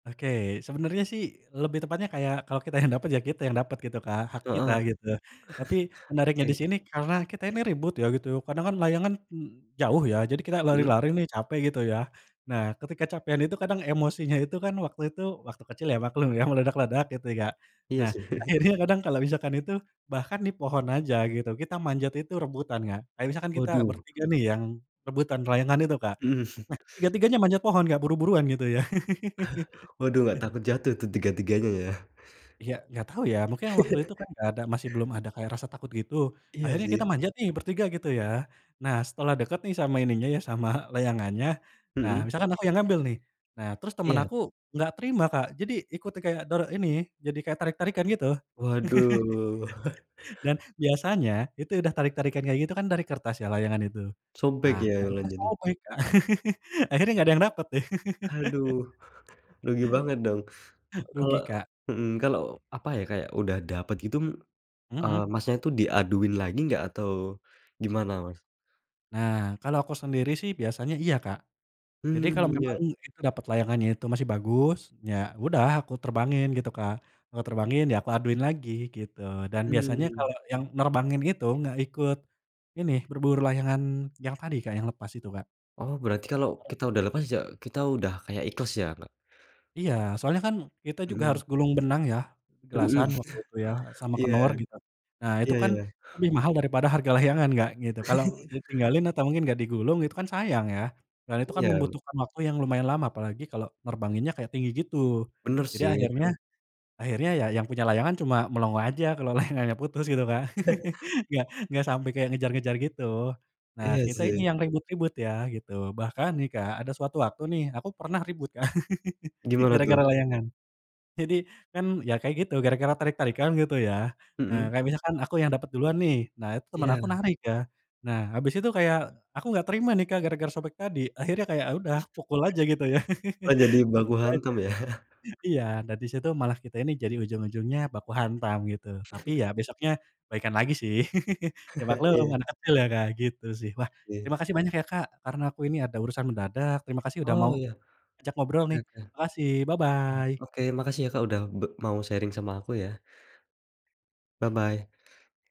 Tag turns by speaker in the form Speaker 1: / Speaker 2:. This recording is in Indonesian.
Speaker 1: Oke sebenernya sih lebih tepatnya kayak kalau kita yang dapet ya kita yang dapet gitu Kak hak
Speaker 2: Heeh,
Speaker 1: kita gitu, tapi menariknya di
Speaker 2: oke.
Speaker 1: sini karena kita ini ribut ya gitu kadang kan layangan, jauh ya jadi kita
Speaker 2: Mhm.
Speaker 1: lari-lari nih capek gitu ya, nah ketika kecapekan itu kadang emosinya itu kan waktu itu waktu kecil ya maklum ya meledak-ledak gitu ya Kak,
Speaker 2: Iya
Speaker 1: nah
Speaker 2: sih.
Speaker 1: akhirnya kadang kalau misalkan itu, bahkan di pohon aja gitu kita manjat itu rebutan Kak kayak misalkan kita
Speaker 2: Waduh.
Speaker 1: bertiga nih yang, rebutan layangan itu Kak, nah tiga-tiganya manjat pohon nggak buru-buruan gitu ya.
Speaker 2: Waduh nggak takut jatuh tuh tiga-tiganya ya?
Speaker 1: Ya nggak tahu ya mungkin waktu itu kan nggak ada masih belum ada kayak rasa takut gitu
Speaker 2: Iya
Speaker 1: akhirnya
Speaker 2: sih.
Speaker 1: kita manjat nih bertiga gitu ya, nah setelah deket nih sama ininya ya sama layangannya, nah
Speaker 2: Mhm.
Speaker 1: misalkan aku yang ngambil nih, nah terus temen
Speaker 2: Iya.
Speaker 1: aku nggak terima Kak jadi ikuti kayak doro ini jadi kayak tarik-tarikan gitu.
Speaker 2: Waduh.
Speaker 1: Dan biasanya itu udah tarik-tarikan kayak gitu kan dari kertas ya layangan itu, nah
Speaker 2: Sobek ya la
Speaker 1: akhirnya
Speaker 2: jadi.
Speaker 1: sobek Kak akhirnya nggak ada yang dapet nih.
Speaker 2: Aduh, rugi banget dong? Kalau,
Speaker 1: Rugi, Kak.
Speaker 2: mhm, kalau apa ya kayak udah dapet gitu, eee,
Speaker 1: Mhm.
Speaker 2: Masnya itu diaduin lagi nggak? Atau gimana, Mas?
Speaker 1: Nah kalau aku sendiri sih biasanya iya Kak, jadi kalau
Speaker 2: Mmm,
Speaker 1: memang
Speaker 2: ya.
Speaker 1: itu dapet layangannya itu masih bagus ya udah aku terbangin gitu Kak, eee, terbangin ya aku aduin lagi gitu dan biasanya
Speaker 2: Mmm.
Speaker 1: kalau yang nerbangin itu nggak ikut, ini berburu layangan yang tadi Kak yang lepas itu, Kak.
Speaker 2: Oh berarti kalau kita udah lepas ya kita udah kayak ikhlas ya? Nggak
Speaker 1: Iya soalnya kan kita juga
Speaker 2: Mhm.
Speaker 1: harus gulung benang ya,
Speaker 2: Mhm,
Speaker 1: gelasan waktu itu ya sama
Speaker 2: iya,
Speaker 1: kenor gitu, nah itu
Speaker 2: iya ya
Speaker 1: kan
Speaker 2: ya.
Speaker 1: lebih mahal daripada harga layangan Kak gitu kalau ditinggalin atau mungkin nggak digulung itu kan sayang ya, dan itu kan
Speaker 2: Iya.
Speaker 1: membutuhkan waktu yang lumayan lama apalagi kalau nerbanginnya kayak tinggi gitu,
Speaker 2: Benar
Speaker 1: jadi
Speaker 2: sih.
Speaker 1: akhirnya,
Speaker 2: [unintelligible]
Speaker 1: akhirnya yang punya layangan cuma melongo aja kalau layangannya putus gitu Kak enggak enggak sampai kayak ngejar-ngejar gitu, nah
Speaker 2: Iya
Speaker 1: kita ini
Speaker 2: sih.
Speaker 1: yang ribut-ribut ya gitu bahkan nih Kak ada suatu waktu nih aku pernah ribut Kak
Speaker 2: Gimana tuh?
Speaker 1: gara-gara layangan, jadi kan ya kayak gitu gara-gara tarik-tarikan gitu ya, eee,
Speaker 2: Mhm.
Speaker 1: kayak misalkan aku yang dapet duluan nih nah itu teman aku
Speaker 2: Iya.
Speaker 1: narik Kak, nah habis itu kayak aku nggak terima nih Kak gara-gara sobek tadi akhirnya kayak udah pukul aja gitu ya
Speaker 2: Oh jadi baku hantam ya?
Speaker 1: [unintelligible] iya dan di situ malah kita ini jadi ujung-ujungnya baku hantam gitu tapi ya besoknya baikan lagi sih ya maklum
Speaker 2: Iya.
Speaker 1: anak kecil ya Kak gitu sih wah
Speaker 2: Oke.
Speaker 1: terima kasih banyak ya Kak karena aku ini ada urusan mendadak terima kasih udah
Speaker 2: Oh
Speaker 1: mau,
Speaker 2: iya,
Speaker 1: ajak ngobrol nih
Speaker 2: heeh.
Speaker 1: makasih bye-bye.
Speaker 2: Oke makasih ya Kak udah be mau sharing sama aku ya. Bye-bye.